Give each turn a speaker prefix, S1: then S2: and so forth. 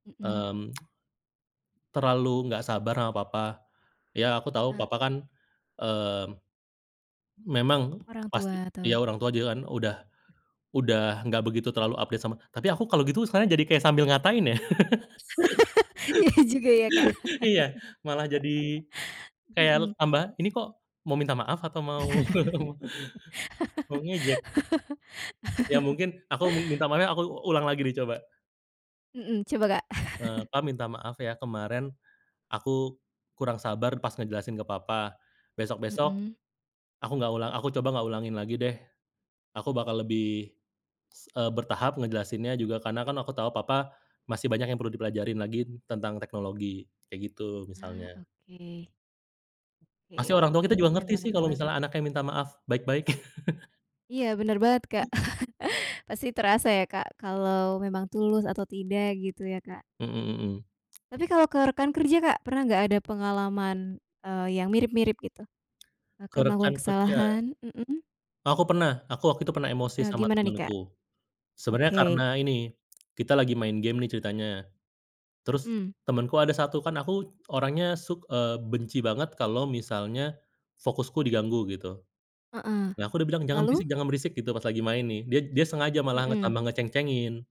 S1: Mhm.
S2: Mmm. Terlalu nggak sabar ama papa, iya, aku tahu,
S1: Heeh.
S2: papa kan, mmm, memang
S1: Orang
S2: pasti
S1: tua,
S2: iya,
S1: atau
S2: orang tua juga kan udah udah nggak begitu terlalu update sama tapi aku kalau gitu, sekarang jadi kayak sambil ngatain ya.
S1: Iya juga ya, Kak.
S2: Iya, malah jadi kayal
S1: Hmm.
S2: tambah ini kok mau minta maaf atau mau, mau ngejek? Ya mungkin, aku m minta maafnya aku ulang lagi nih, coba.
S1: Mhm, coba, Kak.
S2: Eee, "Pa, minta maaf ya, kemaren aku kurang sabar pas ngejelasin ke Papa, besok-besok
S1: Mhm.
S2: aku nggak ulang aku coba nggak ulangin lagi deh, aku bakal lebih, s eee, bertahap ngejelasinnya juga. Karena kan aku tahu, Papa masih banyak yang perlu dipelajarin lagi tentang teknologi," kayak gitu
S1: Ah,
S2: misalnya.
S1: oke. Oke,
S2: Pasti orang tua kita juga
S1: keknya
S2: ngerti
S1: memang
S2: sih,
S1: ngena
S2: kalau
S1: banget.
S2: misalnya anaknya minta maaf baik-baik.
S1: Iya, bener banget, Kak. Pasti terasa ya Kak, kalau memang tulus atau tidak gitu ya, Kak.
S2: Mhm mhm.
S1: Tapi kalau ke rekan kerja, Kak, pernah nggak, ada pengalaman, eee, yang mirip-mirip gitu?
S2: Ke
S1: Kakak
S2: rekan
S1: melakukan
S2: kerja.
S1: kesalahan, mhm.
S2: Oh, aku pernah. Aku waktu itu pernah emosi
S1: Eee,
S2: sama
S1: gimana nih,
S2: temenku.
S1: Kak?
S2: Sebenarnya
S1: Oke.
S2: karena ini, kita lagi main game nih ceritanya, terus
S1: Mhm.
S2: temenku ada satu, kan aku orangnya suk eee, benci banget kalau misalnya fokusku diganggu gitu.
S1: Heeh,
S2: Nah, aku udah bilang, "Jangan
S1: lalu?
S2: berisik jangan berisik," gitu, pas lagi main nih. Dia dia sengaja malah ng tambah
S1: Mhm.
S2: ngeceng-cengin.